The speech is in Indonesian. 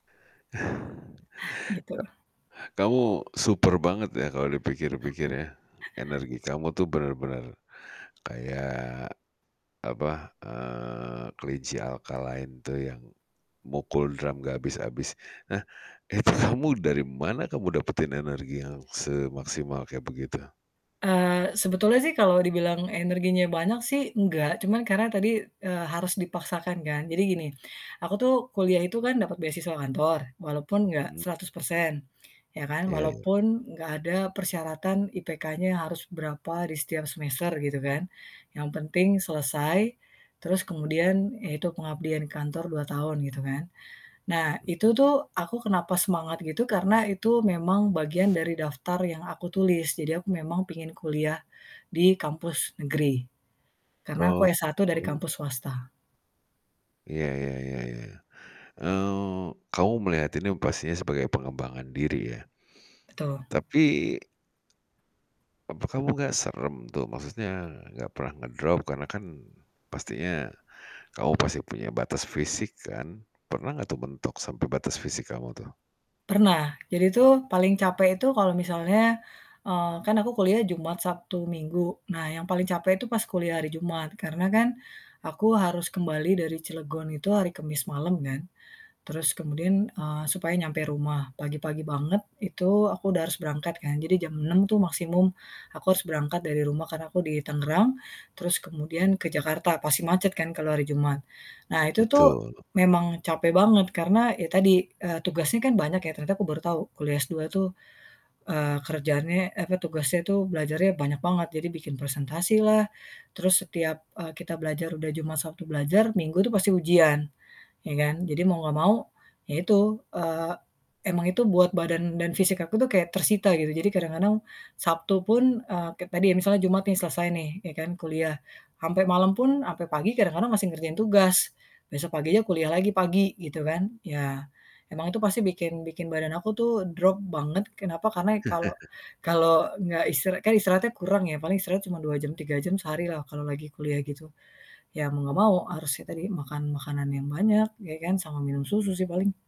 Gitu. Ka kamu super banget ya kalau dipikir-pikir ya. Energi kamu tuh bener-bener kayak, apa, eee, kelinci Alkaline tuh yang mukul drum gak habis-habis. Nah, itu kamu dari mana kamu dapetin energi yang semaksimal kayak begitu? Eee, sebetulnya sih kalau dibilang energinya banyak sih, enggak, cuman karena tadi, eee, harus dipaksakan kan. Jadi gini, aku tuh kuliah itu kan dapet beasiswa kantor walaupun enggak Mhm. 100% ya kan. Ya ya. Walaupun enggak ada persyaratan IPK-nya harus berapa di setiap semester gitu kan. Yang penting selesai, terus kemudian yaitu pengabdian kantor 2 tahun gitu kan. Nah, itu tuh aku kenapa semangat gitu karena itu memang bagian dari daftar yang aku tulis. Jadi aku memang pingin kuliah di kampus negeri. Karena aku Oh. S1 dari [unintelligible] kampus swasta. Ya ya ya ya. Eee, kamu melihat ini pastinya sebagai pengembangan diri ya. Betul. Tapi apa kamu gak serem tuh? Maksudnya gak pernah ngedrop karena kan pastinya kamu pasti punya batas fisik kan? Pernah gak tuh mentok sampe batas fisik kamu tuh? Pernah. Jadi tuh paling capek itu kalau misalnya, eee, kan aku kuliah Jumat, Sabtu, Minggu. Nah, yang paling capek itu pas kuliah hari Jumat. Karena kan aku harus kembali dari Cilegon itu hari Kamis malam kan. Terus kemudian eee, supaya nyampe rumah, pagi-pagi banget itu aku udah harus berangkat kan, jadi jam 6:00 tuh maksimum aku harus berangkat dari rumah karena aku di Tangerang, terus kemudian ke Jakarta, pasti macet kan kalau hari Jumat. Nah, itu tuh Betul. memang capek banget karena ya tadi, eee, tugasnya kan banyak ya, ternyata aku baru tahu kuliah S2 itu, eee, kerjany eh, apa, tugasnya tuh belajarnya banyak banget. Jadi bikin presentasi lah, terus setiap, eee, kita belajar udah Jumat, Sabtu belajar, Minggu tuh pasti ujian, ya kan. Jadi mau nggak mau ya itu, eee, emang itu buat badan dan fisik aku tuh kayak tersita gitu. Jadi kadang-kadang Sabtu pun eee, kayak tadi ya misalnya Jumat nih selesai nih, ya kan kuliah, sampai malam pun, sampai pagi, kadang-kadang masih ngerjain tugas. Besok pagi aja kuliah lagi pagi gitu kan. Ya, emang itu pasti bikin bikin badan aku tuh drop banget kenapa karena ya kalau kalau nggak istirahat kan istirahatnya kurang ya, paling istirahat cuma 2, jam 3 jam sehari lah kalau lagi kuliah gitu, ya mau nggak mau harusnya tadi makan makanan yang banyak ya kan, sama minum susu sih paling.